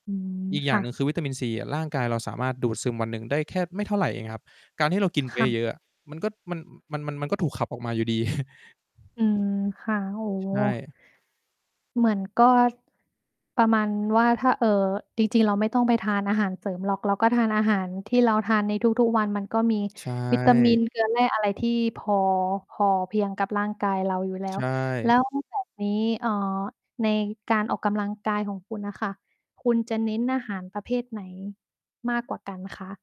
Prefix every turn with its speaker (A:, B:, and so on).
A: อืม
B: อีกอย
A: ค
B: ่า
A: ่
B: ง
A: ะ
B: หนึ่ง คือวิตามินซีอะร่างกายเราสามารถดูดซึมวันหนึ่งได้แค่ไม่เท่าไรเองครับ การที่เรากิน
A: ค
B: ไป
A: ่ะ
B: เยอะ ๆ อะ มันก็ มัน มัน มันก็ถูกขับออกมาอยู่ดี
A: อืม ค่ะ โอ้
B: ใช่
A: เหมือนก็ประมาณว่า ถ้า เอ่อ จริง ๆ เราไม่ต้องไปทานอาหารเสริมหรอก เราก็ทานอาหารที่เราทานในทุก ๆ วัน มันก็มี
B: ใช
A: วิตามิ
B: ่
A: นเกลือแร่อะไรที่พอ พอเพียงกับร่างกายเราอยู่แล้
B: ใช
A: ว แล
B: ่
A: ้วแบบ นี้ เอ่อ ในการออกกำลังกายของคุณอะค่ะ คุณจะเน้นอาหารประเภทไหนมากกว่ากันคะ?